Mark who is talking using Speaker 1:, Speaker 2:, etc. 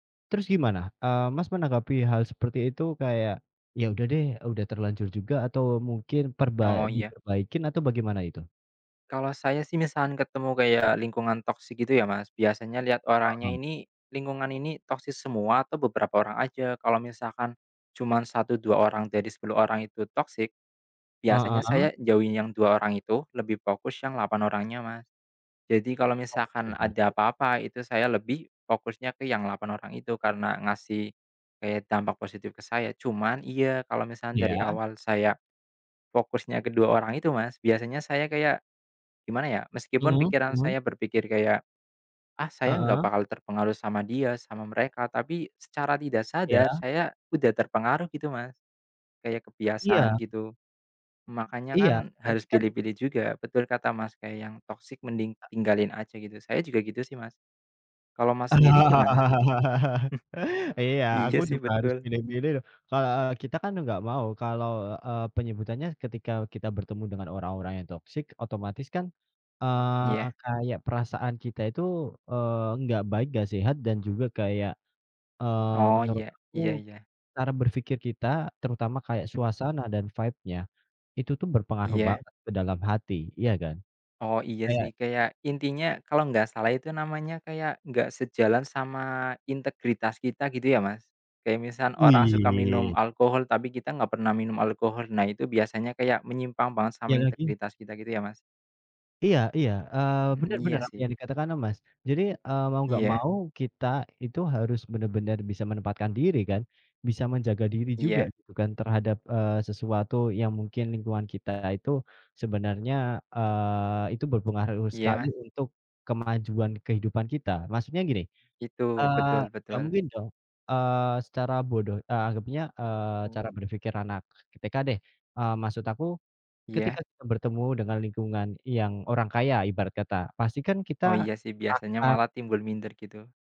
Speaker 1: Terus gimana, eee, Mas menanggapi hal seperti itu kayak, ya udah deh, udah terlanjur juga atau mungkin perda
Speaker 2: Oh iya.
Speaker 1: diperbaikin atau bagaimana itu?
Speaker 2: Kalau saya sih misal ketemu kayak lingkungan toksik gitu ya Mas, biasanya lihat orangnya
Speaker 1: Heeh.
Speaker 2: ini, lingkungan ini toksik semua atau beberapa orang aja. Kalau misalkan cuma 1, 2 orang dari 10 orang itu toksik, biasanya
Speaker 1: Heeh.
Speaker 2: saya jauhin yang 2 orang itu lebih fokus yang 8 orangnya Mas. Jadi kalau
Speaker 1: Oh iya
Speaker 2: misalkan
Speaker 1: bener
Speaker 2: ada
Speaker 1: sih.
Speaker 2: apa-apa, itu saya lebih fokusnya ke yang 8 orang itu karena ngasih, kayak dampak positif ke saya. Cuman iya kalau misalkan dari
Speaker 1: Iya.
Speaker 2: awal saya fokusnya ke 2 orang itu Mas, biasanya saya kayak gimana ya meskipun
Speaker 1: Mhm
Speaker 2: pikiran
Speaker 1: mhm.
Speaker 2: saya berpikir kayak, "Ah saya nggak
Speaker 1: Heeh.
Speaker 2: bakal terpengaruh sama dia, sama mereka," tapi secara tidak sadar
Speaker 1: Iya.
Speaker 2: saya udah terpengaruh gitu Mas, kayak kebiasaan
Speaker 1: Iya.
Speaker 2: gitu. Makanya kan
Speaker 1: Iya tapi
Speaker 2: harus
Speaker 1: kan
Speaker 2: pilih-pilih juga, betul kata Mas kayak yang toksik mending
Speaker 1: A
Speaker 2: tinggalin aja gitu, saya juga gitu sih Mas. Kalau Mas sendiri gimana?
Speaker 1: Iya,
Speaker 2: Hmm.
Speaker 1: aku
Speaker 2: Iya sih
Speaker 1: juga harus
Speaker 2: betul.
Speaker 1: milih-milih loh. Ke eee, kita kan nggak mau kalau, eee, penyebutannya ketika kita bertemu dengan orang-orang yang toksik, otomatis kan,
Speaker 2: Oh,
Speaker 1: eee,
Speaker 2: iya.
Speaker 1: kayak perasaan kita itu, eee, nggak baik, nggak sehat dan juga kayak, eee,
Speaker 2: Oh
Speaker 1: menurut
Speaker 2: ya,
Speaker 1: aku
Speaker 2: iya iya.
Speaker 1: cara berpikir kita terutama kayak
Speaker 2: Hmm.
Speaker 1: suasana dan vibe-nya, itu tuh berpengaruh
Speaker 2: Iya.
Speaker 1: banget ke dalam hati. Iya kan?
Speaker 2: Oh iya
Speaker 1: Kayak
Speaker 2: sih kayak intinya kalau nggak salah itu namanya kayak nggak sejalan sama integritas kita gitu ya Mas. Kayak misal orang suka minum
Speaker 1: Wih!
Speaker 2: alkohol, tapi kita nggak pernah minum alkohol. Nah itu biasanya kayak menyimpang banget sama
Speaker 1: Iya lagi.
Speaker 2: integritas kita gitu ya Mas.
Speaker 1: Iya iya, eee,
Speaker 2: Hmm
Speaker 1: bener bener,
Speaker 2: iya
Speaker 1: apa yang
Speaker 2: sih.
Speaker 1: dikatakan sama Mas. Jadi, eee, mau nggak
Speaker 2: Iya.
Speaker 1: mau kita itu harus bener-bener bisa menempatkan diri kan, bisa menjaga diri juga
Speaker 2: Iya.
Speaker 1: gitu kan terhadap, eee, sesuatu yang mungkin lingkungan kita itu sebenarnya, eee, itu berpengaruh
Speaker 2: Iya
Speaker 1: sekali
Speaker 2: Mas.
Speaker 1: untuk kemajuan kehidupan kita. Maksudnya gini,
Speaker 2: Gitu
Speaker 1: eee,
Speaker 2: betul
Speaker 1: nggak
Speaker 2: betul.
Speaker 1: mungkin dong, eee, secara bodoh, eee, anggapnya, eee, cara
Speaker 2: Hmm.
Speaker 1: berpikir anak TK deh. Eee, maksud aku, ketika
Speaker 2: Iya.
Speaker 1: kita bertemu dengan lingkungan yang orang kaya ibarat kata, pasti kan kita
Speaker 2: Oh iya sih biasanya
Speaker 1: akan
Speaker 2: malah timbul minder gitu.